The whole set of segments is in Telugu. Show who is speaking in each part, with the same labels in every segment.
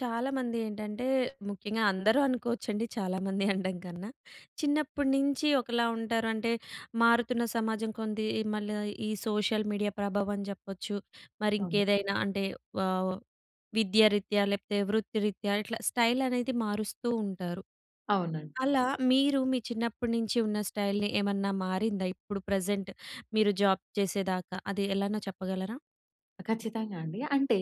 Speaker 1: చాలామంది ఏంటంటే, ముఖ్యంగా అందరూ అనుకోవచ్చండి చాలామంది అనడం కన్నా. చిన్నప్పటి నుంచి ఒకలా ఉంటారు. అంటే, మారుతున్న సమాజం కొంది మళ్ళ ఈ సోషల్ మీడియా ప్రభావం చెప్పొచ్చు, మరి
Speaker 2: అవును.
Speaker 1: ఇంకేదైనా అంటే ఆహ్, విద్య రీత్యా, లేపోతే వృత్తిరీత్యా ఇట్లా స్టైల్ అనేది మారుస్తూ ఉంటారు.
Speaker 2: అవునండి.
Speaker 1: అలా మీరు మీ చిన్నప్పటి నుంచి ఉన్న స్టైల్‌ని ఏమన్నా మారిందా? ఇప్పుడు ప్రెజెంట్ మీరు జాబ్ చేసేదాకా అది ఎలానో చెప్పగలరా?
Speaker 2: ఖచ్చితంగా అండి. అంటే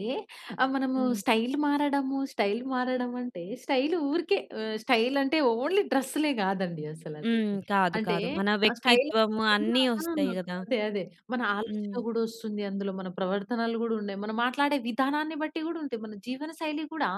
Speaker 2: ఆహ్, మనము
Speaker 1: హ్మ్.
Speaker 2: స్టైల్ మారడము, స్టైల్ మారడం అంటే, స్టైల్ ఊరికే ఆహ్, స్టైల్ అంటే ఓన్లీ డ్రెస్‌లే కాదండి
Speaker 1: హ్మ్.
Speaker 2: అసలదేది.
Speaker 1: కాదు.
Speaker 2: అంటే,
Speaker 1: కాదు. మన
Speaker 2: స్టైల్ ఆ!
Speaker 1: వ్యక్తిత్వం అన్నీ వస్తాయి
Speaker 2: [unintelligible]
Speaker 1: కదా!
Speaker 2: అదే, అదే మన ఆలోచన
Speaker 1: హ్మ్.
Speaker 2: కూడా వస్తుందందులో. మన ప్రవర్తనలు కూడా ఉన్నాయి. మనం మాట్లాడే విధానాన్ని బట్టి కూడా ఉంటాయి. మన జీవన శైలి కూడా,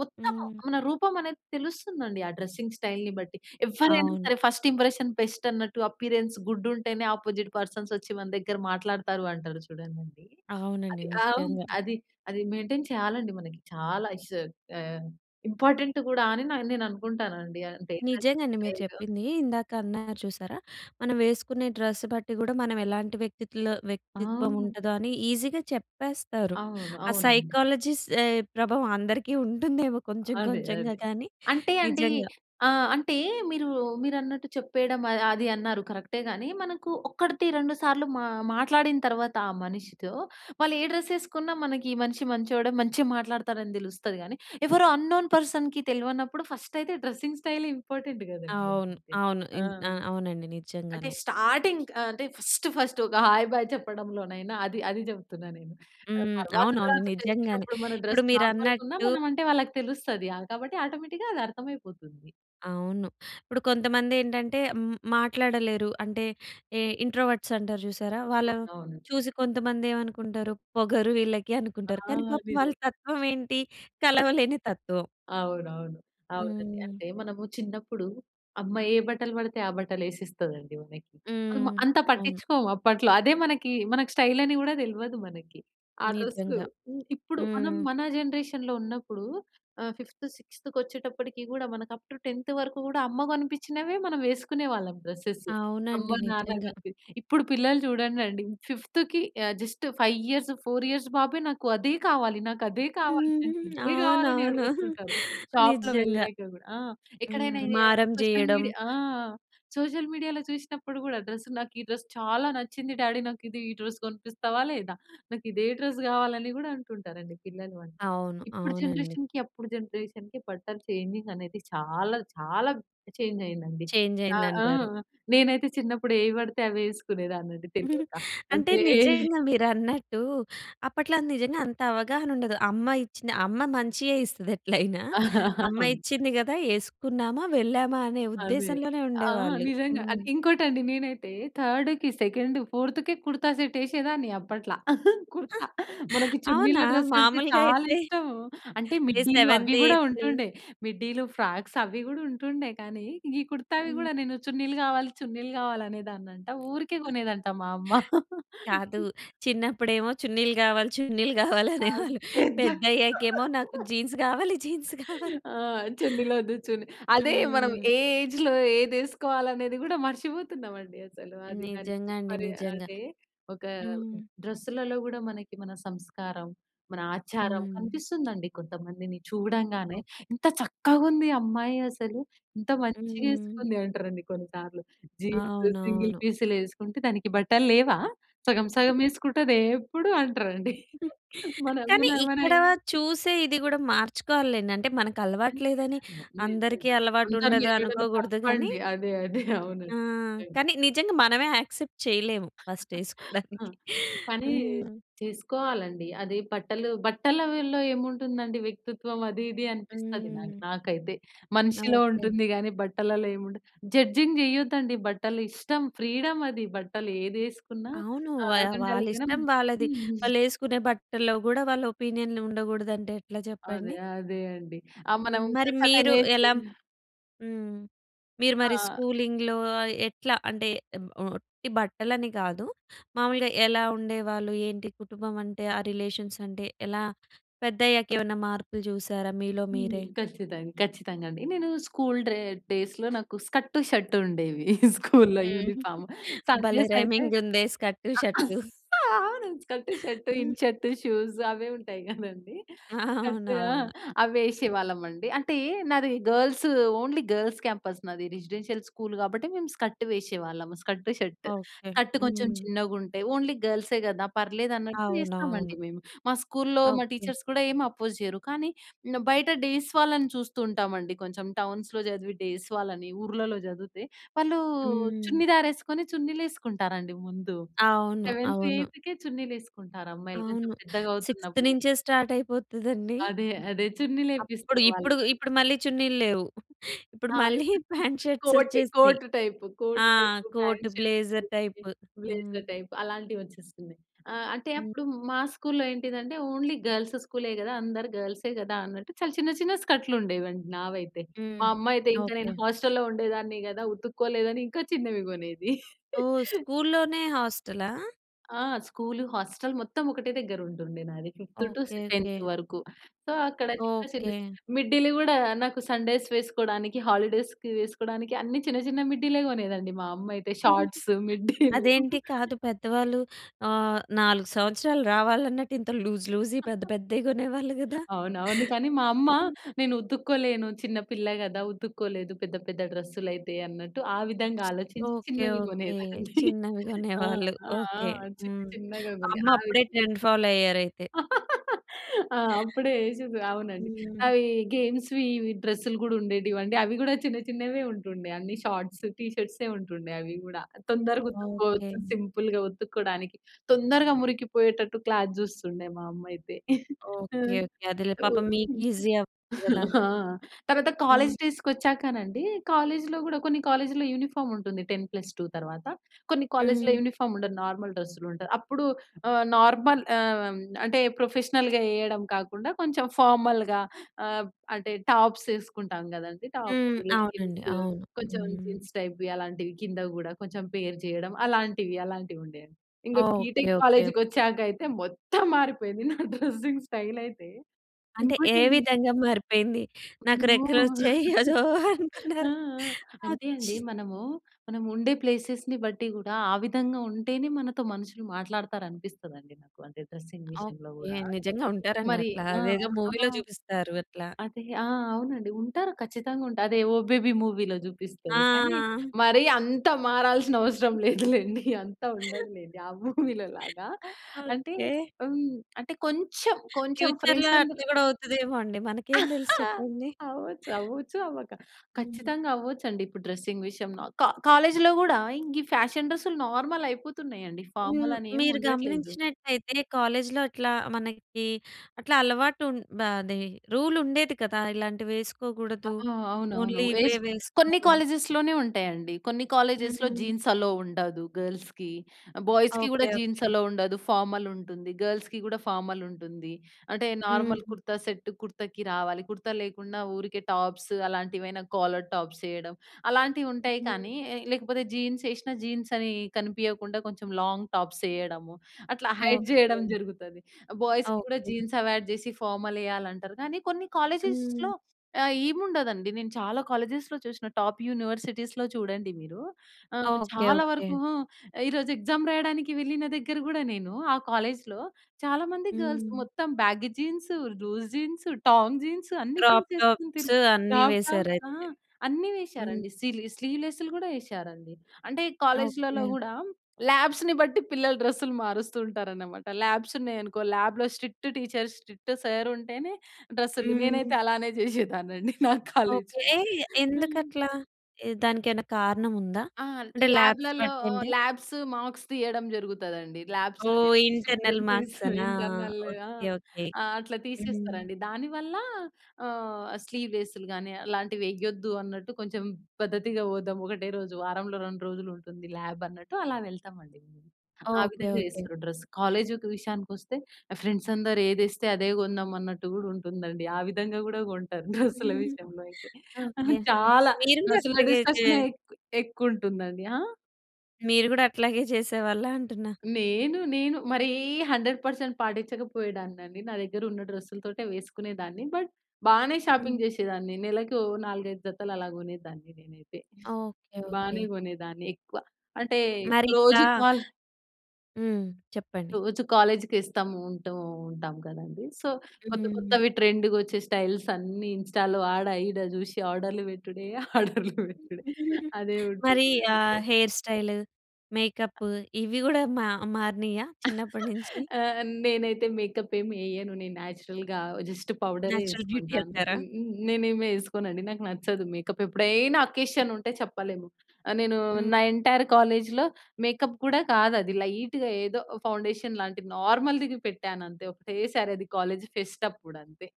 Speaker 2: మొత్తం
Speaker 1: హ్మ్.
Speaker 2: మన రూపం అనేది తెలుస్తుందండి. ఆ డ్రెసింగ్ స్టైల్‌ని బట్టి. ఎవ్వరైనా
Speaker 1: అవును.
Speaker 2: సరే ఫస్ట్ ఇంప్రెషన్ బెస్ట్ అన్నట్టు. అపియరెన్స్ గుడుంటేనే, అపోజిట్ పర్సన్సొచ్చి మన దగ్గర మాట్లాడతారు అంటారు చూడండి.
Speaker 1: అవునండి.
Speaker 2: అది ఆ!
Speaker 1: నిజంగా.
Speaker 2: అది అది మెయింటైన్ చేయాలండి మనకి చాలా ఇస్ ఆహ్, ఇంపార్టెంట్ కూడా అని నె నేను అనుకుంటానండి. అంటే
Speaker 1: నిజంగా అండి, మీరు
Speaker 2: స్టైలు
Speaker 1: చెప్పింది. ఇందాక అన్నారు చూసారా, మనం వేసుకునే డ్రెస్ బట్టి కూడా మనం ఎలాంటి వ్యక్తిక్‌లో వ్యక్తిత్వం
Speaker 2: అవును.
Speaker 1: ఉంటదో అని ఈజీగా చెప్పేస్తారు.
Speaker 2: అవును.
Speaker 1: ఆ
Speaker 2: అవునుండి.
Speaker 1: సైకాలజీ సే ప్రభావం అందరికి ఉంటుందేమో కొంచెం
Speaker 2: అదే.
Speaker 1: కొంచెంగా
Speaker 2: అదే.
Speaker 1: గాని.
Speaker 2: అంటే అండి
Speaker 1: నిజంగా.
Speaker 2: ఆహ్, అంటే మీరు మీరు అన్నట్టు, చెప్పేయడం అది అన్నారు కరెక్టే గాని మనకు, ఒకర్తి రెండు సార్లు మా మాట్లాడిన తరువాత ఆ మనిషితో, వాళ్ళు ఏ డ్రెస్ ఏసుకున్న, మనకి ఈ మనిషి మంచోడు మంచిగా మాట్లాడతాడు అని తెలుస్తది కాని, ఎవరో అన్‌నోన్ పర్సన్‌కి తెలవనప్పుడు ఫస్ట్ అయితే, డ్రెసింగ్ స్టైల్ ఇంపార్టెంట్ కదండి
Speaker 1: అవును.
Speaker 2: అదైతే.
Speaker 1: అవును.
Speaker 2: ఆ!
Speaker 1: ఇద్ ఆ! అవునండి.
Speaker 2: అంటే
Speaker 1: నిజంగానే.
Speaker 2: స్టార్టింగ్ అంటే, ఫస్ట్, ఫస్ట్ ఒక హాయి బై చెప్పడంలో నైనా అది, అది చెప్తున్నా నేను.
Speaker 1: హ్మ్.
Speaker 2: తరువాత
Speaker 1: అవునవును.
Speaker 2: తరువాత
Speaker 1: నిజంగానే.
Speaker 2: తెలిసినప్పుడు మన
Speaker 1: ఇప్పుడు
Speaker 2: డ్రెస్ నార్మల్‌గున్న
Speaker 1: మీరన్నట్టు
Speaker 2: మనం అంటే వాళ్ళకి తెలుస్తది. ఆహ్, కాబట్టి ఆటోమేటిక్‌గా అది అర్థమైపోతుంది.
Speaker 1: అవును. ఇప్పుడు కొంతమంది ఏంటంటే మ మాట్లాడలేరు. అంటే ఆహ్, ఇంట్రోవర్ట్స్ అంటారు చూసారా? వాళ్ళు
Speaker 2: అవును.
Speaker 1: చూసి కొంతమంది ఏమనుకుంటారు పొగరు వీళ్ళకి
Speaker 2: ఆ!
Speaker 1: అనుకుంటారు. కానీ పాపం
Speaker 2: అది.
Speaker 1: వాళ్ళ
Speaker 2: వె
Speaker 1: తత్వం ఏంటి కలవలేని తత్వం.
Speaker 2: అవునవును. అవునండి.
Speaker 1: హ్మ్.
Speaker 2: అంటే మనము చిన్నప్పుడు అమ్మ ఏ బట్టలు పడితే ఆ బట్టలు వేసేస్తది అండి మనకి. మనము
Speaker 1: హ్మ్.
Speaker 2: అంత
Speaker 1: అవును.
Speaker 2: పట్టించుకోము అప్పట్లో. అదే మనకి మన స్టైల్ అని కూడా, తెలవదు మనకి ఆ డ్రెస్‌కు.
Speaker 1: నిజంగా.
Speaker 2: హ్మ్, ఇప్పుడు మనం
Speaker 1: హ్మ్.
Speaker 2: మన జనరేషన్‌లో ఉన్నప్పుడు ఆహ్, ఫిఫ్త్ సిక్స్‌త్‌కి వచ్చేటప్పటికి కూడా మనకు అప్ టూ 10థ్ వరకు కూడా అమ్మ కొనిపించినవే మనం వేసుకునే వాళ్ళం డ్రెసెస్.
Speaker 1: అవునండి. నిజంగా.
Speaker 2: అమ్మ-నాన్నని ఇప్పుడు పిల్లలు చూడండండి ఫిఫ్త్‌కి, జస్ట్ 5 ఇయర్స్ 4 ఇయర్స్ బాబే, "నాకు అదే కావాలి, నాకు అదే కావాలి ఇదే కావాలి" అని
Speaker 1: అవునవును.
Speaker 2: అడుగుతుంటారు. షాప్‌లో
Speaker 1: నిజంగా.
Speaker 2: వెళ్ళాక కూడా. ఆ!
Speaker 1: హ్మ్.
Speaker 2: ఎక్కడైనా ఇది
Speaker 1: మారం
Speaker 2: సోషల్
Speaker 1: చేయడం.
Speaker 2: మీడియా ఆ! సోషల్ మీడియాలో చూసినప్పుడు కూడా, "డ్రెస్ నాకు ఈ డ్రెస్ చాలా నచ్చింది డాడీ నాకు ఈ డ్రెస్ కొనిపిస్తావా లేదా, నాకు ఇదే డ్రెస్ కావాలి" అని కూడా అంటుంటారండి పిల్లలు అంటే.
Speaker 1: అవును.
Speaker 2: ఇప్పుడు
Speaker 1: అవునండి.
Speaker 2: జనరేషన్‌కి అప్పుడు జనరేషన్‌కి బట్టలు చేంజింగ్ అనేది చాలా, చాలా చేంజ్ అయిందండి.
Speaker 1: చేంజ్ అయింది
Speaker 2: ఆహ్, ఆ!
Speaker 1: అంటారు.
Speaker 2: నేనైతే చిన్నప్పుడు ఏది పడితే, అవి వేసుకునేదాన్ని అండి తెలవక
Speaker 1: అంటే
Speaker 2: అంటే
Speaker 1: నిజంగా మీరు అన్నట్టు, అప్పట్లో నిజంగా అంత అవగాహన ఉండదు. అమ్మాయి ఇచ్చిన అమ్మ మంచిగా ఇస్తది ఎట్లైనా అమ్మ ఇచ్చింది కదా! వేసుకున్నామా, వెళ్ళామా అనే
Speaker 2: అదే
Speaker 1: ఉద్దేశంలోనే
Speaker 2: ఆ!
Speaker 1: ఉండేవాళ్ళు.
Speaker 2: నిజంగా
Speaker 1: హ్మ్.
Speaker 2: అది ఇంకోటండి. నేనైతే థర్డ్‌కి, సెకండ్, ఫోర్‌త్‌కి కుర్తా సెట్ వేసేదాన్ని. అప్పట్ల కుర్తా మనకి
Speaker 1: అవునా?
Speaker 2: చున్నీలు డ్రెస్ అంటే
Speaker 1: మాములుగా
Speaker 2: చాలా
Speaker 1: అయితే.
Speaker 2: ఇష్టం. అంటే
Speaker 1: ఈ
Speaker 2: మిడ్డీలు అవి
Speaker 1: సెవెంత్
Speaker 2: గూడా
Speaker 1: ఎయిథ్.
Speaker 2: ఉంటుండే. మిడ్డీలు ఫ్రాక్స్ అవి కూడా ఉంటుండే. కానీ ఈ కుర్తావి
Speaker 1: హ్మ్.
Speaker 2: కూడా, నేను చున్నీలు కావాలి, చున్నీలు కావాలి అనే దాన్నంట ఊరికే కొనేదంట మా అమ్మ.
Speaker 1: కాదు. చిన్నప్పుడేమో చున్నీలు గావాలి, చున్నీలు గావాలి
Speaker 2: ఆ!
Speaker 1: అనే వాళ్ళు.
Speaker 2: పెద్ద
Speaker 1: పెద్దయ్యాకేమో నాకు జీన్స్ గావాలి, జీన్స్ గావాలి.
Speaker 2: ఆ! చున్నిలొద్దు చున్నీ అదే మనం
Speaker 1: హ్మ్.
Speaker 2: ఏ ఏజ్‌లో ఏది వేసుకోవాలి అనేది కూడా మర్చిపోతున్నాం అండి. అసలు. అది దానికి
Speaker 1: నిజంగా అండి.
Speaker 2: మరి
Speaker 1: నిజంగా.
Speaker 2: అదే ఒక
Speaker 1: హ్మ్.
Speaker 2: డ్రెస్‌లలో కూడా మనకి మన సంస్కారం, మన ఆచారం
Speaker 1: హ్మ్.
Speaker 2: కనిపిస్తుందండి. కొంతమందిని చూడంగానే, "ఇంత చక్కగా ఉంది. అమ్మాయి అసలు ఇంత మంచిగా
Speaker 1: హ్మ్.
Speaker 2: వేసుకుంది" అంటారండి. కొన్నిసార్లు జీన్స్ సింగిల్
Speaker 1: అవునవును.
Speaker 2: పీస్‌లు వేసుకుంటే, "దానికి బట్టలు లేవా? సగం సగం వేసుకుంటది ఎప్పుడు" అంటారండి. మనగ్
Speaker 1: కానీ
Speaker 2: మన
Speaker 1: ఇక్కడ
Speaker 2: మనయ్
Speaker 1: చూసే ఇది కూడా మార్చుకోవాలెండి. అంటే మనకు అలవాటు
Speaker 2: [unintelligible]
Speaker 1: లేదని అందరికి
Speaker 2: నిజంగా.
Speaker 1: అలవాటు
Speaker 2: అందరిని
Speaker 1: ఉండదు
Speaker 2: అనడం
Speaker 1: అనుకోకూడదు గాని.
Speaker 2: తప్పండి. అదే అదే అవును..
Speaker 1: ఆ! కానీ
Speaker 2: [unintelligible]
Speaker 1: నిజంగా మనమే యాక్సెప్ట్ చేయలేము ఫస్ట్
Speaker 2: ఆ!
Speaker 1: వేసుకోవడానికి.
Speaker 2: పని
Speaker 1: హ్మ్.
Speaker 2: చేసుకోవాలండి. అది బట్టలు బట్టలలో ఏముంటుందండి వ్యక్తిత్వం అది ఇది అనిపిస్తది నాకు
Speaker 1: హ్మ్.
Speaker 2: నాకైతే. మనిషిలో
Speaker 1: ఓకే.
Speaker 2: ఉంటుంది కానీ బట్టలలో ఏమి ఉండదు. జడ్జింగ్ చేయొద్దండి బట్టలు ఇష్టం ఫ్రీడమ్ అది బట్టలు ఏదేసుకున్నా
Speaker 1: అవును. వ వాళ్ళ
Speaker 2: అదుండాలి గనం
Speaker 1: ఇష్టం వాళ్ళది.
Speaker 2: హ్మ్. హ్మ్.
Speaker 1: వాళ్ళు వేసుకునే బట్టల్లో గూడా వాళ్ళ ఒపీనియన్ ఉండకూడదు అంటే ఎట్లా
Speaker 2: అదే
Speaker 1: చెప్పండి.
Speaker 2: అదే అండి. ఆ
Speaker 1: హ్మ్.
Speaker 2: మనం
Speaker 1: మరి
Speaker 2: సర్టెన్
Speaker 1: మీరు
Speaker 2: ఏజ్
Speaker 1: ఎలా? హ్మ్. మీరు మరి
Speaker 2: ఆ!
Speaker 1: స్కూలింగ్‌లో ఎట్లా అంటే ఒట్టి బట్టలని కాదు, మామూలుగా ఎలా ఉండేవాళ్ళు? ఏంటి కుటుంబం అంటే ఆ రిలేషన్స్ అంటే ఎలా పెద్దయ్యాక ఏమైనా మార్పులు చూసారా మీలో
Speaker 2: హ్మ్.
Speaker 1: మీరే?
Speaker 2: ఖచ్చితంగా! ఖచ్చితంగా! అండి. నేను స్కూల్ డ్రె డేస్‌లో నాకు స్కర్ట్ షర్ట్ ఉండేవి. స్కూల్‌లో
Speaker 1: హ్మ్.
Speaker 2: యూనిఫార్మ్
Speaker 1: భలే!
Speaker 2: సండేస్ అయితే
Speaker 1: రైమింగ్ ఉంది స్కర్ట్
Speaker 2: ఆహ్, అవును.
Speaker 1: షర్ట్.
Speaker 2: స్కర్ట్, షర్ట్, ఇన్
Speaker 1: హ్మ్.
Speaker 2: షర్ట్, షూస్ అవే ఉంటాయి కదండీ! కట్ ఆ!
Speaker 1: అవునవును.
Speaker 2: అవి వేసేవాళ్ళం అండి. అంటే నాది గర్ల్స్ ఓన్లీ గర్ల్స్ క్యాంపస్ నాది రెసిడెన్షియల్ స్కూల్ కాబట్టి మేము స్కర్ట్ వేసేవాళ్ళం. Skirt shirt
Speaker 1: okay.
Speaker 2: స్కర్ట్ కొంచెం
Speaker 1: హ్మ్.
Speaker 2: చిన్నగా ఉంటే ఓన్లీ గర్ల్సే కదా! పర్లేదు అన్నట్టు
Speaker 1: అవునవును.
Speaker 2: యేస్తామండి మేము. మా స్కూల్లో మా
Speaker 1: ఓకే.
Speaker 2: టీచర్స్ కూడా ఏమి అపోజ్ చేయరు. కానీ బయట డేస్ వాళ్ళని చూస్తూ ఉంటామండి. కొంచెం టౌన్స్‌లో చదివి డేస్ వాళ్ళని ఊర్లలో చదివితే, వాళ్ళు
Speaker 1: హ్మ్.
Speaker 2: చున్ని దార వేసుకొని, చున్నీలు వేసుకుంటారండి. ముందు
Speaker 1: అవును.
Speaker 2: సెవెంత్,
Speaker 1: అవును.
Speaker 2: ఎయిథ్‌కే చున్నీలు వేసుకుంటారు అమ్మాయిలు కొంచెం
Speaker 1: అవును
Speaker 2: పెద్దగా
Speaker 1: సిక్స్త్
Speaker 2: అవుతున్నప్పుడే.
Speaker 1: నుంచే స్టార్ట్ అయిపోతదండి.
Speaker 2: అదే అదే చున్నీలు
Speaker 1: అప్పుడు
Speaker 2: వేపిస్తారు
Speaker 1: ఇప్పుడు,
Speaker 2: వాళ్ళకి.
Speaker 1: ఇప్పుడు మళ్ళీ చున్నీలు లేవు. ఇప్పుడు
Speaker 2: ఆ! అవే
Speaker 1: మళ్ళీ ప్యాంట్ షర్ట్స్
Speaker 2: కోట్,
Speaker 1: వచ్చేసినాయి.
Speaker 2: Coat type. కోట్
Speaker 1: ఆ!
Speaker 2: Type,
Speaker 1: coat
Speaker 2: pant shirt
Speaker 1: blazer
Speaker 2: type
Speaker 1: type హ్మ్.
Speaker 2: బ్లేజర్ టైప్ అలాంటివి వచ్చేస్తున్నాయి. ఆహ్ అంటే
Speaker 1: హ్మ్.
Speaker 2: అప్పుడు మా స్కూల్లో ఏంటిదంటే ఓన్లీ గర్ల్స్ స్కూలే కదా! అందరూ గర్ల్సే కదా! అన్నట్టు చాలా చిన్న, చిన్న స్కర్ట్‌‌లుండేవండి నావైతే.
Speaker 1: హ్మ్.
Speaker 2: మా అమ్మ అయితే ఇంక నేను
Speaker 1: ఓకే.
Speaker 2: హాస్టల్‌లో ఉండేదాన్ని కదా! ఉతుక్కోలేదని ఇక చిన్నవి కొనేది.
Speaker 1: ఓహ్! స్కూల్‌లోనే హాస్టలా?
Speaker 2: ఆ! స్కూలు, హాస్టల్ మొత్తం ఒకటే దగ్గర ఉంటుండే నాది. Fifth to
Speaker 1: okay.
Speaker 2: సె
Speaker 1: ఓకె.
Speaker 2: టెంత్ వరకు. సో, అక్కడ చిన్న చిన్న,
Speaker 1: ఓకె.
Speaker 2: మిడ్డీలు గూడా నాకు సండేస్ వేసుకోవడానికి హాలిడేస్‌కి వేసుకోవడానికి అన్నీ చిన్న, చిన్న మిడ్డీలే కొనేదండి మా అమ్మ అయితే. షార్ట్స్, మిడ్డీలు.
Speaker 1: అదేంటి కాదు పెద్దవాళ్ళు ఆహ్, 4 సంవత్సరాలు రావాలన్నట్టు ఇంత లూజ్ లూజ్‌యి పెద్ద పెద్దవి కొనేవాళ్ళు కదా.
Speaker 2: అవునవును. కానీ మా అమ్మ
Speaker 1: హ్మ్.
Speaker 2: నేను ఉత్తుక్కోలేను చిన్న పిల్ల గదా! ఉతుక్కోలేదు పెద్ద పెద్ద డ్రెస్‌లైతే అన్నట్టు ఆ విధంగా ఆలోచించి
Speaker 1: ఓకె,
Speaker 2: చిన్నవి
Speaker 1: ఓకె.
Speaker 2: కొనేదండి.
Speaker 1: చిన్నవి
Speaker 2: ఆ!
Speaker 1: గొ‌నేవాళ్ళు
Speaker 2: ఆ! ఆ!
Speaker 1: ఓకె.
Speaker 2: చిన్న
Speaker 1: హ్మ్.
Speaker 2: చిన్నగా కొనే
Speaker 1: అమ్మ
Speaker 2: అవి
Speaker 1: అప్పుడే ట్రెండ్ ఫాలో అయ్యారు అయితే.
Speaker 2: ఆ! అప్పుడే ఏసేది అవునండి.
Speaker 1: హ్మ్.
Speaker 2: అవి గేమ్స్‌వి ఇవి డ్రెస్‌లు గూడా ఉండేటివి అండి. అవి గూడా చిన్న, చిన్నవే ఉంటుండే. అన్ని షార్ట్స్, టీ ష‌ర్ట్సే ఉంటుండే అవి గూడా తొందరగా
Speaker 1: ఓకె.
Speaker 2: ఉత్తుక్కోవచ్చు. సింపుల్‌గా ఉత్తుక్కోడానికి, తొందరగా మురికిపోయేటట్టు క్లాత్ చూస్తుండే మా అమ్మ అయితే.
Speaker 1: Okay, okay. అదేలే పాపం మీకు ఈసీ
Speaker 2: ఆ!
Speaker 1: అవుతుంది గదా!
Speaker 2: తరువాత కాలేజ్
Speaker 1: హ్మ్.
Speaker 2: డేస్‌కి ఒచ్చాకనండి. కాలేజ్‌లో గూడా కొన్ని కాలేజ్‌లో యూనిఫార్మ్ ఉంటుంది. 10+2 తర్వాత. కొన్ని కాలేజ్‌లో
Speaker 1: హ్మ్.
Speaker 2: యూనిఫార్మ్ ఉండదు నార్మల్ డ్రెస్‌లు ఉంటాయి. అప్పుడు ఆహ్, నార్మల్ ఆహ్, అంటే ప్రొఫెషనల్‌గా ఏయడం కాకుండా కొంచెం ఫార్మల్‌గా ఆహ్, అంటే టాప్స్ ఏసుకుంటాం గదండీ! టాప్స్,
Speaker 1: హ్మ్. అవునండి.
Speaker 2: లెగ్గింగ్స్
Speaker 1: అవును.
Speaker 2: కొంచెం
Speaker 1: హ్మ్.
Speaker 2: జీన్స్ టైప్‌వి అలాంటివి కింద గూడా కొంచెం పెయిర్ చేయడం అలాంటివి, అలాంటివి ఉండేయండి. ఇంక
Speaker 1: ఓకె,
Speaker 2: బీ‌టెక్
Speaker 1: ఓకె.
Speaker 2: కాలేజ్‌కి వచ్చాక అయితే మొత్తం మారిపోయింది నా డ్రెసింగ్ స్టైల్ అయితే
Speaker 1: అంటే
Speaker 2: ఇంకోటి
Speaker 1: ఏ
Speaker 2: అండి
Speaker 1: విధంగా మారిపోయింది? నాకు
Speaker 2: మనము
Speaker 1: రెక్కలు వచ్చాయి ఎదో
Speaker 2: ఆ! ఆ!
Speaker 1: అనుకున్నారు
Speaker 2: అంటె అండి.
Speaker 1: అచ్చీ
Speaker 2: మనమూ మనము ఉండే ప్లేసెస్‌ని బట్టి గూడా, ఆ విధంగా ఉంటేనే మనతో మనుషులు మాట్లాడతారు అనిపిస్తదండి నాకు. అంటే డ్రెసింగ్ విషయంలో
Speaker 1: ఓకె.
Speaker 2: కూడా.
Speaker 1: నిజంగా ఉంటారండి
Speaker 2: మరి
Speaker 1: అట్లా
Speaker 2: ఆ!
Speaker 1: అదేదో
Speaker 2: అలో
Speaker 1: మూవీ‌లో చూపిస్తారు అట్లా.
Speaker 2: అంటే ఆ! అవునండి. ఉంటారు ఖచ్చితంగా! ఉంటారు. అదే 'ఓ బేబీ' మూవీలో చూపిస్తారు. కానీ
Speaker 1: ఆ!
Speaker 2: మరి అంత మారాల్సిన అవసరం లేదు‌లేండి. అంత ఉండదు లెండి. ఆ మూవీ‌లో‌ లాగా. అంటే
Speaker 1: ఓకె.
Speaker 2: హ్మ్. అంటే కొంచెం, కొంచెం
Speaker 1: ఫ్యూచర్‌లో
Speaker 2: ఫ్రెండ్స్
Speaker 1: అట్ల
Speaker 2: అందరు
Speaker 1: కూడా అవుతదేమో అండి. మనకేం తెలుసు చెప్పండి.
Speaker 2: అవ్వచ్చు, అవ్వచ్చు. అవ్వక
Speaker 1: హ్మ్.
Speaker 2: ఖచ్చితంగా అవ్వచ్చండి. ఇప్పుడు డ్రెసింగ్ విషయంలో క కాలేజ్‌‌‌లో గూడా ఇంక ఈ ఫ్యాషన్ డ్రెస్‌లు నార్మల్ అయిపోతున్నాయి అండి.
Speaker 1: హ్మ్.
Speaker 2: ఫార్మల్ అని ఏమి
Speaker 1: మీరు
Speaker 2: ఉండట్లేదు.
Speaker 1: గమనించినట్టై‌తే కాలేజ్‌లో అట్లా మనకి అట్లా అలవాటు దా అది. రూల్ ఉండేది కదా! ఇలాంటివి
Speaker 2: ఆ!
Speaker 1: వేసుకోకూడదు.
Speaker 2: అవునవును.
Speaker 1: ఓన్లీ ఇవే
Speaker 2: ఏసు కొన్ని
Speaker 1: వేసుకోవాలని.
Speaker 2: కాలేజెస్‌‌ లోనే ఉంటాయండి. కొన్ని కాలేజెస్‌‌లో
Speaker 1: హ్మ్.
Speaker 2: జీన్స్ అలో ఉండదు గర్ల్స్‌కి, బాయ్స్‌కి గూడా
Speaker 1: ఓకె.
Speaker 2: Jeans
Speaker 1: okay.
Speaker 2: అలో ఉండదు. ఫార్మల్ ఉంటుంది. గర్ల్స్‌కి గూడా ఫార్మల్ ఉంటుంది. అంటే
Speaker 1: హ్మ్.
Speaker 2: నార్మల్ కుర్తా సెట్, కుర్తాకి రావాలి. కుర్తా లేకుండా ఊరికే టాప్స్ అలాంటివైనా కాలర్ టాప్స్ వేయడం. అలాంటివి ఉంటాయి
Speaker 1: హ్మ్.
Speaker 2: కానీ లేకపోతే, జీన్స్ ఏసినా జీన్స్ అనీ కనిపియకుండా కొంచెం లాంగ్ టాప్స్ ఎయడము. అట్లా హైడ్ చేయడం
Speaker 1: ఓకె.
Speaker 2: జరుగుతది. బాయ్స్‌కి గూడా
Speaker 1: ఓకె.
Speaker 2: జీన్స్ అవాయిడ్ చేసి ఫార్మల్ ఎయ్యాలి అంటారు. కానీ కొన్ని
Speaker 1: హ్మ్.
Speaker 2: కాలేజెస్‌‌లో ఆహ్, ఏమి ఉండదండి నేను చాలా కాలేజెస్‌‌లో చూసినా టాప్ యూనివర్సిటీస్‌లో చూడండి మీరు ఆహ్,
Speaker 1: ఓకె,
Speaker 2: చాలా
Speaker 1: ఓకె.
Speaker 2: వరకూ ఈరోజు ఎక్సామ్ రాయడానికి వెళ్ళిన దగ్గర గూడా నేను, ఆ కాలేజ్‌లో చాలా మంది గర్ల్స్
Speaker 1: హ్మ్.
Speaker 2: మొత్తం బ్యాగ్ జీన్స్, లూజ్ జీన్స్, టాంగ్ జీన్స్ అన్ని
Speaker 1: క్రాప్
Speaker 2: జీన్స్ ఏసుకొని
Speaker 1: టాప్స్ అన్నీ
Speaker 2: తిరుగా
Speaker 1: వేశారు
Speaker 2: బామ్స్
Speaker 1: అయితే.
Speaker 2: ఆ! అన్ని
Speaker 1: హ్మ్.
Speaker 2: వేసారండి సిలి స్లీవ్‌లెస్లు గూడా ఏసారండి. అంటే కాలేజ్‌లలో
Speaker 1: ఓకె.
Speaker 2: గూడా లాబ్స్‌ని బట్టి పిల్లలు డ్రెస్‌లు మారుస్తూ ఉంటారు అనమాట. లాబ్స్ ఉన్నాయనుకో లాబ్‌లో స్ట్రిక్ట్ టీచర్, స్ట్రిక్ట్ సర్ ఉంటేనే డ్రెస్‌లు.
Speaker 1: హ్మ్.
Speaker 2: నేనైతే అలానే చేసేదాన్ని అండి నా
Speaker 1: ఓకె.
Speaker 2: కాలేజ్‌‌లో హ్మ్.
Speaker 1: ఎందుకట్లా? ఎ దానికేమైనా కారణం ఉందా?
Speaker 2: ఆ!
Speaker 1: అంటే ల్యాబ్స్
Speaker 2: లాబ్‌లలో
Speaker 1: బట్టి అంటే
Speaker 2: లాబ్స్ మార్క్స్ తీయడం జరుగుతాదండి. లాబ్స్
Speaker 1: ఓహ్!
Speaker 2: అంటే‌నే
Speaker 1: ఇంటర్నల్
Speaker 2: డిసిప్లె‌యి‌న్ చేసి
Speaker 1: మార్క్స్
Speaker 2: ఇంక
Speaker 1: అనా!
Speaker 2: ఇంటర్నల్‌ని
Speaker 1: ఓకె, ఓకె.
Speaker 2: ఆ! అట్లా
Speaker 1: హ్మ్.
Speaker 2: తీసేస్తారండి. దాని వల్లా ఆహ్, స్లీవ్‌లె‌స్లు గాని అలాంటివి వేయొద్దు అన్నట్టు కొంచెం పద్ధతిగా పోదాం. ఒకటే రోజు వారంలో 2 రోజులు ఉంటుంది లాబ్ అన్నట్టు అలా వెళ్తాం అండి. ఆ
Speaker 1: ఓకె,
Speaker 2: విధంగా
Speaker 1: ఓకె.
Speaker 2: ఏస్తారు డ్రెస్. కాలేజ్ విషయానికి వస్తే ఫ్రెండ్స్ అందరు ఏది ఏస్తే అదే కొందాం అన్నట్టు ఉంటుందండి. ఆ విధంగా గూడా గొంటారు డ్రెస్‌ల విషయంలో అయితే.
Speaker 1: ఓకె.
Speaker 2: చాలా
Speaker 1: మీరు గూడా
Speaker 2: డ్రెస్‌ల
Speaker 1: అట్లాగై చే
Speaker 2: డిస్కషనే ఎక్కు ఎక్కువ ఉంటుంది అండి. ఆ!
Speaker 1: మీరు కూడా అట్లాగే చేసేవాళ్ళా అంటున్నా?
Speaker 2: నేను, నేను మరి 100% పాటించకపోయేదాన్ని అండి. నా దగ్గర ఉన్న డ్రె‌సుల తోటే వేసుకునేదాన్ని, బట్ బానే షాపింగ్
Speaker 1: హ్మ్.
Speaker 2: చేసేదాన్ని నెలకి ఓ 4, 5 జతలు అలా కొనేదాన్ని నేనైతే.
Speaker 1: Okay, okay.
Speaker 2: బానే కొనేదాన్ని, ఎక్కువ. అంటే
Speaker 1: మరి ఇట్లా
Speaker 2: రోజు కాల్
Speaker 1: హ్మ్. చెప్పండి.
Speaker 2: రోజు కాలేజ్‌కి ‌ఇస్తాము ఉంటూ ఉంటాం కదండీ, సో కొత్త
Speaker 1: హ్మ్.
Speaker 2: కొత్తవి ట్రెండ్‌గా వచ్చే స్టైల్స్ అన్ని ఇన్‌స్టాలో ఆడ, ఈడ చూసి ఆర్డర్‌లు పెట్టుడే ఆర్డర్‌లు పెట్టుడే అదే ఉంటుంది.
Speaker 1: మరి ఆ
Speaker 2: [unintelligible]
Speaker 1: హెయిర్ స్టైల్, మేకప్ ఇవి కూడా మా మారినాయా చిన్నప్పటి నుంచి?
Speaker 2: ఆ! నేనైతే మేకప్ ఏమి వేయను నేను నేచురల్‌గా జస్ట్ పౌడరే
Speaker 1: నేచురల్ బ్యూటీ
Speaker 2: వేసుకుంటాను.
Speaker 1: అంటారా?
Speaker 2: నేను ఏమి వేసుకోనండి నాకు నచ్చదు మేకప్ ఎప్పుడైనా అకేషన్ ఉంటే చెప్పలేము, నేను
Speaker 1: హ్మ్.
Speaker 2: నా ఎంటైర్ కాలేజ్‌లో మేకప్ కూడా కాదు అది లైట్‌గా ఏదో ఫౌండేషన్ లాంటి నార్మల్‌ ది‌గ్ పెట్టాను అంతే ఒకటేసారి అది కాలేజ్ ఫెస్ట్ అప్పుడు అంతే.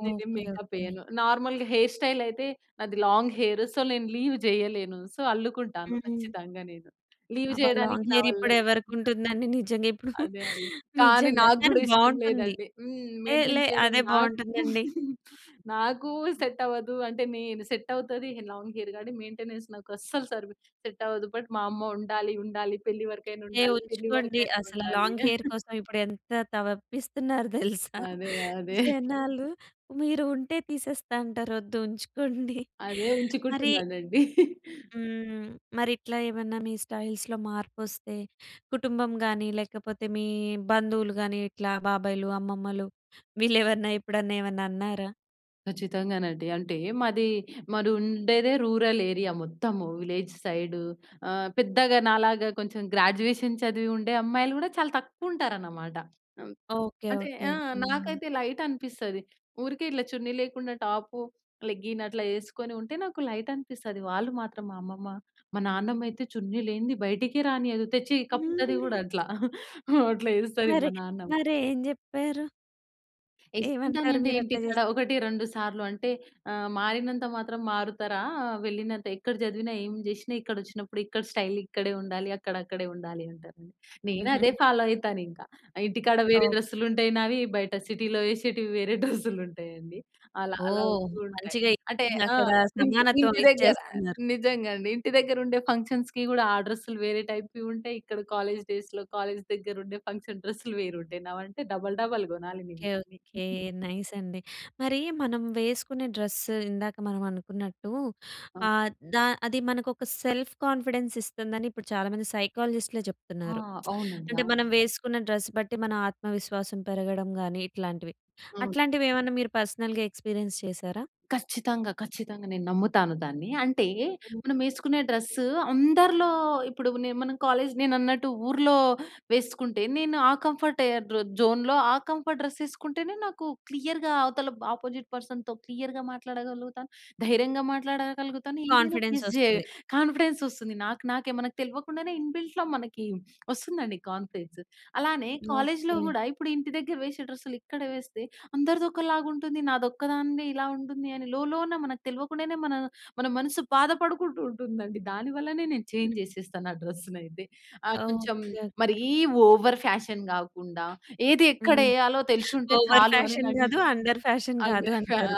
Speaker 2: నేనేం
Speaker 1: ఓకె,
Speaker 2: మేకప్
Speaker 1: ఓకె.
Speaker 2: వేయను నార్మల్‌గా హెయిర్ స్టైల్ అయితే నాది లాంగ్ హెయిర్ సో నేను లీవ్ చేయలేను సో అల్లుకుంటాను
Speaker 1: హ్మ్.
Speaker 2: ఖచ్చితంగా నేను. లీవ్
Speaker 1: అబ్బా
Speaker 2: చేయడానికి
Speaker 1: లాంగ్
Speaker 2: నా
Speaker 1: హెయిర్ ఇప్పుడు
Speaker 2: వ‌ల్లగా
Speaker 1: ఎవరికి ఉంటుందండి? నిజంగా ఇప్పుడు
Speaker 2: అదే అదే, కానీ
Speaker 1: నిజంగా
Speaker 2: నాకు
Speaker 1: కానీ
Speaker 2: కూడా ఇష్టం
Speaker 1: బాగుంటుంది.
Speaker 2: లేదండి
Speaker 1: ఏహ్!
Speaker 2: మెయింటైన్
Speaker 1: లే!
Speaker 2: చేయడం
Speaker 1: అదే
Speaker 2: నాకు
Speaker 1: బాగుంటుందండి.
Speaker 2: నాకు సెట్ అవ్వదు అంటే నేను సెట్ అవుతది లాంగ్ హెయిర్‌గా మెయింటెనెన్స్ నాకు అస్సలు సరి‌వి సెట్ అవ్వదు. బట్ మా అమ్మ ఉండాలి, ఉండాలి పెళ్లి వరకైనా
Speaker 1: ఏహ్!
Speaker 2: ఉండాలి, పెళ్లి
Speaker 1: ఉంచుకోండి.
Speaker 2: వరకైనా
Speaker 1: అసలు
Speaker 2: ఉండాలి.
Speaker 1: లాంగ్ హెయిర్ కోసం ఇప్పుడు ఎంత తవప్పిస్తున్నారో తెలుసా
Speaker 2: అదే, అదే.
Speaker 1: జనాలు, మీరు ఉంటే తీసేస్తా అంటారు. వద్దు ఉంచుకోండి.
Speaker 2: అదే
Speaker 1: మరి
Speaker 2: ఉంచుకుంటున్నానండి.
Speaker 1: హ్మ్. మరి ఇట్లా ఏమన్నా మీ స్టైల్స్‌లో మార్పు వస్తే కుటుంబం కానీ, లేకపోతే మీ బంధువులు గాని, ఇట్లా బాబాయిలు, అమ్మమ్మలు వీళ్ళు ఏమన్నా ఎప్పుడన్నా ఏమన్నా అన్నారా?
Speaker 2: ఖచ్చితంగానండి. అంటే మాది, మాది ఉండేదే రూరల్ ఏరియా మొత్తము. విలేజ్ సైడ్ ఆహ్, పెద్దగా నాలాగా కొంచెం గ్రాడ్యుయేషన్ చదివి ఉండే అమ్మాయిలు గూడా చాలా తక్కువ ఉంటారనమాట. అమ్
Speaker 1: ఓకె.
Speaker 2: అంటే
Speaker 1: ఓకె.
Speaker 2: ఆ!
Speaker 1: హ్మ్.
Speaker 2: నాకైతే లైట్ అనిపిస్తది. ఊరికే ఇట్ల చున్నీ లేకుండా టాపు, లెగ్గిన్ అట్లా యేసుకొని ఉంటే, నాకు లైట్ అనిపిస్తది. వాళ్ళు మాత్రం మా అమ్మమ్మ. మా నాన్నమ్మ అయితే చున్నీ లేనిది, బయటికే రానీయదు. తెచ్చి కప్పుతది గూడా అట్ల. ఆ! అట్లా ఏస్తది మా
Speaker 1: మరి,
Speaker 2: నాన్నమ్మ.
Speaker 1: మరి ఏం జెప్పారు? ఏమంటారు
Speaker 2: ఏసుకుంటామండి
Speaker 1: మీరు అట్లా
Speaker 2: ఇంటికాడ.
Speaker 1: జేస్తే?
Speaker 2: 1, 2 సార్లు అంటే ఆహ్, మారినంత మాత్రం మారుతారా? వెళ్ళినంత ఎక్కడ చదివినా, ఏం జేసినా, ఇక్కడ వచ్చినప్పుడు ఇక్కడ స్టైల్ ఇక్కడే ఉండాలి. అక్కడ అక్కడే ఉండాలి అంటారండి. నేను అదే
Speaker 1: హుహు.
Speaker 2: ఫాలో అయితాను ఇంక. ఇంటికాడ వేరే
Speaker 1: ఓహ్!
Speaker 2: డ్రెస్సులు ఉంటాయి నావి, బయట సిటీలో ఏశేటివి వేరే డ్రెస్సులు ఉంటాయండి. అలా, అలా
Speaker 1: ఓహ్!
Speaker 2: వస్తూ ఉంటాయి.
Speaker 1: మంచిగా
Speaker 2: అంటే ఆ!
Speaker 1: అక్కడ
Speaker 2: ఇంటి
Speaker 1: సమానత్వం
Speaker 2: ఇంటి దగ్గర
Speaker 1: ఇచ్చేస్తున్నారు.
Speaker 2: నిజంగా అండి, ఇంటి దగ్గర ఉండే ఫంక్షన్స్‌కి కూడా ఆ డ్రెస్సులు వేరే టైప్‌వి ఉంటాయి ఇక్కడ కాలేజ్ డేస్‌లో కాలేజ్ దగ్గర ఉండే, ఫంక్షన్ డ్రెస్సులు వేరు ఉంటాయి నావి. అంటే డబల్, డబల్ కొనాలి నేను.
Speaker 1: ఓకె. ఓకె. నైస్ అండి. మరీ మనం వేసుకునే డ్రెస్ ఇందాక మనం అనుకున్నట్టూ, ఆహ్, ద అది మనకు ఒక సెల్ఫ్ కాన్ఫిడెన్స్ ఇస్తుందని, ఇప్పుడు చాలామంది సైకాలజిస్ట్‌లే
Speaker 2: ఆ!
Speaker 1: చెప్తున్నారు.
Speaker 2: అవునండి.
Speaker 1: అంటే,
Speaker 2: అవును.
Speaker 1: మనం వేసుకున్న డ్రెస్ బట్టి మన ఆత్మవిశ్వాసం పెరగడం గాని, ఇట్లాంటివి.
Speaker 2: అవును.
Speaker 1: అట్లాంటివి ఏమన్నా మీరు పర్సనల్‌గా ఎక్స్పీరియన్స్ చేసారా?
Speaker 2: ఖచ్చితంగా. ఖచ్చితంగా నేను నమ్ముతాను దాన్ని. అంటే మనం వేసుకునే డ్రెస్ అందరిలో ఇప్పుడు నే మన కాలేజ్ నేను అన్నట్టు ఊర్లో వేసుకుంటే, నేను ఆ కంఫర్ట్ ఏ ర జోన్‌లో ఆ కంఫర్ట్ డ్రెస్ వేసుకుంటేనే, నాకు క్లియర్‌గా అవతల బ్ అపోజిట్ పర్సన్‌‌‌తో క్లియర్‌గా మాట్లాడగలుగుతాను. ధైర్యంగా మాట్లాడగలుగుతాను. ఏదైనా
Speaker 1: కాన్ఫిడెన్స్
Speaker 2: ఫేస్ జేయ
Speaker 1: వస్తది.
Speaker 2: కాన్ఫిడెన్స్ వస్తుంది నాకు నాకే. మనకు తెల్వకుండానే ఇన్‌బిల్ట్‌లో మనకి వస్తుందండి కాన్ఫిడెన్స్. అలానే కాలేజ్‌లో
Speaker 1: ఓకె.
Speaker 2: కూడా, ఇప్పుడు ఇంటి దగ్గర వేసే డ్రెస్సులు ఇక్కడ వేస్తే, అందరిది ఒకలాగా ఉంటుంది. నాది ఒక్కదానిదే ఇలా ఉంటుంది అని, లోలోన మనకు తెల్వకుండానే మన, మన మనసు బాధపడుకుంటూ ఉంటుందండి. దాని వల్లనే నేను చేంజ్ జేసేస్తాను, ఆ డ్రెస్సునయితే. ఆహ్, కొంచెం
Speaker 1: ఓకె.
Speaker 2: మరీ
Speaker 1: ఓకె.
Speaker 2: ఓవర్ ఫ్యాషన్ గాకుండా, ఏది ఎక్కడ
Speaker 1: హ్మ్.
Speaker 2: వేయాలో తెలి‌శుం‌టే
Speaker 1: ఓవర్
Speaker 2: చాలు, అని
Speaker 1: ఫ్యాషన్
Speaker 2: నా
Speaker 1: గాదు, అండర్ ఫ్యాషన్ గాదు, అంటారు.
Speaker 2: [unintelligible] ఆ!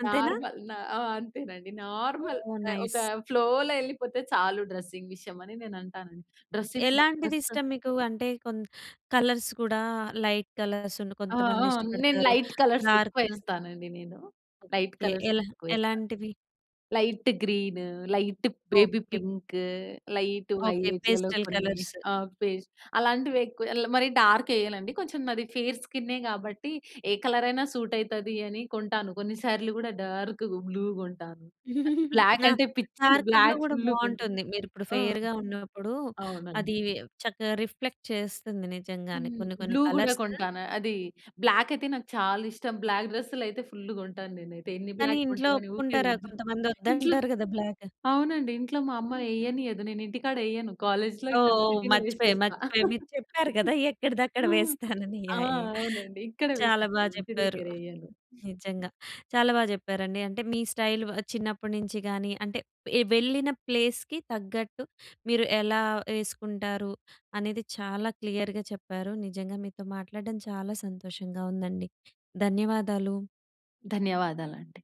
Speaker 1: అంతేనా?
Speaker 2: నార్మల్ న ఆ! అంతేనండి నార్మల్
Speaker 1: ఓహ్!
Speaker 2: ఆహ్, ఒక
Speaker 1: నైస్.
Speaker 2: ఫ్లోలో ఎళ్ళిపోతే చాలు, డ్రెసింగ్ విషయం అని, నేను అంటానండి. డ్రెసింగ్
Speaker 1: ఎలాంటిది
Speaker 2: [unintelligible]
Speaker 1: ఇష్టం మీకు? అంటే కొంత కలర్స్ కూడా, లైట్ కలర్స్
Speaker 2: ఆ!
Speaker 1: కొంతమంది
Speaker 2: ఆ! నేను
Speaker 1: ఇష్టపడతారు
Speaker 2: లైట్ కలర్స్ ఎక్కువ
Speaker 1: డార్క్.
Speaker 2: వేస్తానండి నేను. లైట్
Speaker 1: ఎ
Speaker 2: కలర్స్
Speaker 1: ఎలా
Speaker 2: ఎక్కువ వేస్తా.
Speaker 1: ఎలాంటివి?
Speaker 2: Light green, light baby
Speaker 1: okay.
Speaker 2: Pink, light
Speaker 1: okay.
Speaker 2: వైలెట్లలో
Speaker 1: పేస్టల్
Speaker 2: కొన్ని
Speaker 1: కలర్స్.
Speaker 2: ఆహ్, ఫేస్ అలాంటివి ఎక్కువ ల్ మరి డార్క్ వెయ్యనండి. కొంచెం నాది ఫేర్ స్కిన్నే కాబట్టి, ఏ కలర్ అయినా సూట్ అయితది అని, కొంటాను. కొన్నిసార్లు కూడా డార్క్ బ్లూ కొంటాను. బ్లాక్ అంటే పిచ్చి.
Speaker 1: డార్క్ బ్లూ
Speaker 2: బ్లాక్
Speaker 1: గూడా
Speaker 2: ఫుల్లు కొంటు
Speaker 1: బావుం‌టుంది. మీరు ఇప్పుడు
Speaker 2: ఆ!
Speaker 1: ఫెయిర్‌గా ఉన్నప్పుడు, అది
Speaker 2: అవునండి.
Speaker 1: చక్కగా రిఫ్లెక్ట్ చేస్తుంది, నిజంగానే.
Speaker 2: హ్మ్.
Speaker 1: కొన్ని కొన్ని
Speaker 2: బ్లూ గూడా
Speaker 1: కలర్స్
Speaker 2: కొంటాను. అది బ్లాక్ అయితే నాకు చాలా ఇష్టం. బ్లాక్ డ్రెస్సులు అయితే ఫుల్లు కొంటాను నేనైతే. ఎన్ని
Speaker 1: కానీ
Speaker 2: బ్లాక్
Speaker 1: ఇంట్లో
Speaker 2: కొంటావు అని, ఊరికే
Speaker 1: ఒప్పుకుంటారా?
Speaker 2: తిడతా,
Speaker 1: కొంతమంది
Speaker 2: ఇంట్లో
Speaker 1: వద్దంటారు గదా! బ్లాక్.
Speaker 2: అవునండి ఇంట్లో మా అమ్మ ఎయ్యనీయదు. నేను ఇంటికాడ ఎయ్యను. కాలేజ్‌లో ఇక్కడ
Speaker 1: ఓహ్!
Speaker 2: సిటీలో
Speaker 1: మర్చిపోయా,
Speaker 2: వేసేస్తా.
Speaker 1: మర్చిపోయా. మీరు చెప్పారు గదా! ఎక్కడిదక్కడ
Speaker 2: ఆ!
Speaker 1: వేస్తానని
Speaker 2: ఆ!
Speaker 1: యాహ్! యాహ్!
Speaker 2: అవునండి ఇక్కడే
Speaker 1: చాలా
Speaker 2: వేస్కుంటా.
Speaker 1: బా
Speaker 2: ఇంటి
Speaker 1: చెప్పారు.
Speaker 2: దగ్గరెయ్యను.
Speaker 1: నిజంగా చాలా బా చెప్పారండి. అంటే మీ స్టైల్ ఆహ్, చిన్నప్పటి నుంచి గానీ అంటే ఎ వెళ్ళిన ప్లేస్‌కి తగ్గట్టు, మీరు ఎలా ఎసుకుంటారు? అనేది చాలా క్లియర్‌గా చెప్పారు. నిజంగా మీతో మాట్లాడడం చాలా సంతోషంగా ఉందండి. ధన్యవాదాలు.
Speaker 2: ధన్యవాదాలండి.